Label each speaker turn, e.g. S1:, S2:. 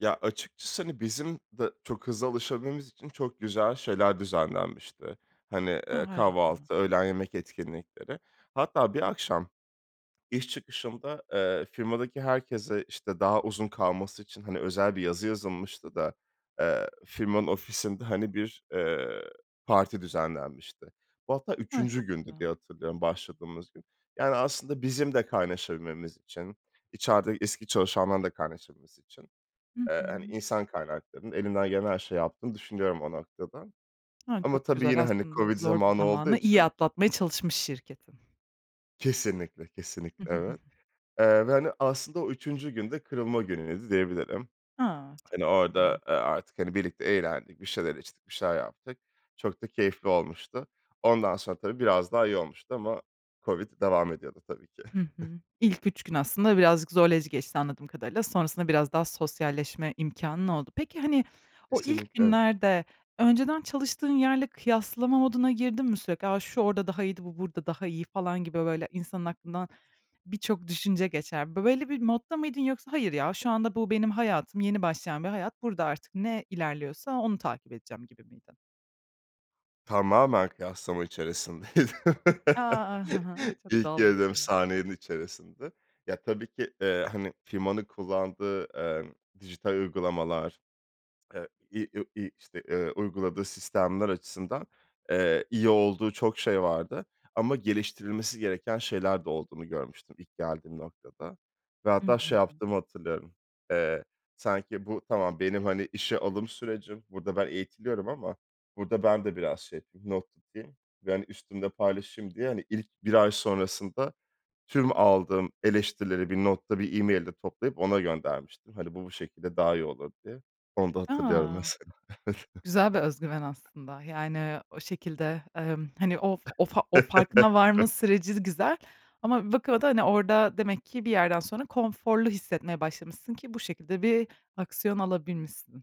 S1: Ya, açıkçası, hani, bizim de çok hızlı alışabilmemiz için çok güzel şeyler düzenlenmişti. Hani,
S2: A!
S1: eee,
S2: Harika. [unintelligible]
S1: kahvaltı, öğlen yemek etkinlikleri. Hatta bir akşam iş çıkışında, eee, firmadaki herkese, işte, daha uzun kalması için, hani, özel bir yazı yazılmıştı da, eee, firmanın ofisinde, hani, bir, eee, parti düzenlenmişti. Bu hatta
S2: Hı, çok
S1: 3'üncü gündü diye
S2: güzel.
S1: hatırlıyorum, başladığımız gün. Yani, aslında bizim de kaynaşabilmemiz için, içerideki eski çalışanların da kaynaşabilmesi için,
S2: Hı
S1: eee, hani,
S2: hı.
S1: insan kaynaklarının elinden gelen her şeyi yaptığını düşünüyorum o noktada
S2: Ha,
S1: ama
S2: çok
S1: tabii yine,
S2: güzel.
S1: hani,
S2: Aslında
S1: COVID
S2: zor bir
S1: zamanı olduğu
S2: zamanı iyi
S1: için
S2: atlatmaya çalışmış şirketin.
S1: Kesinlikle, kesinlikle. Evet. Eee, ve, hani, aslında o 3'üncü gün de kırılma günüydü diyebilirim.
S2: A! Çok
S1: Hani, orada, eee, artık, hani, birlikte eğlendik, bir şeyler içtik, bir şeyler yaptık. Çok da keyifli olmuştu. Ondan sonra tabii biraz daha iyi olmuştu ama COVID devam ediyordu tabii ki.
S2: Hı hı. İlk 3 gün aslında birazcık zorlayıcı geçti anladığım kadarıyla. Sonrasında biraz daha sosyalleşme imkânın oldu. Peki, hani, o ilk
S1: Kesinlikle, evet.
S2: günlerde önceden çalıştığın yerle kıyaslama moduna girdin mi sürekli? "A! Şu orada daha iyiydi, bu burada daha iyi." falan gibi, böyle, insanın aklından birçok düşünce geçer. Böyle bir modda mıydın? Yoksa "Hayır, ya, şu anda bu benim hayatım, yeni başlayan bir hayat. Burada artık ne ilerliyorsa onu takip edeceğim." gibi miydin?
S1: Tamamen kıyaslama içerisindeydim.
S2: A! Ha ha. Çok
S1: İlk
S2: doğal
S1: girdiğim
S2: aslında.
S1: saniyenin içerisinde. Ya, tabii ki, eee, hani, firmanın kullandığı, eee, dijital uygulamalar, eee, i u i işte, eee, uyguladığı sistemler açısından, eee, iyi olduğu çok şey vardı ama geliştirilmesi gereken şeyler de olduğunu görmüştüm ilk geldiğim noktada ve
S2: Hı
S1: hatta
S2: hı.
S1: şey
S2: Hı.
S1: yaptığımı hatırlıyorum. Eee, sanki bu tamam, benim, hani, işe alım sürecim, burada ben eğitiliyorum ama burada ben de biraz şey yapayım, not tutayım ve, hani, üstümle paylaşayım diye, hani, ilk 1 ay sonrasında tüm aldığım eleştirileri bir notta, bir e-mail'de toplayıp ona göndermiştim. Hani, bu, bu şekilde daha iyi olur diye. Onu da hatırlıyorum
S2: A!
S1: mesela. Evet.
S2: Güzel bir özgüven aslında. Yani, o şekilde, emm, hani, o o fa o farkına varma süreci güzel. Ama bir bakıma da, hani, orada demek ki bir yerden sonra konforlu hissetmeye başlamışsın ki bu şekilde bir aksiyon alabilmişsin.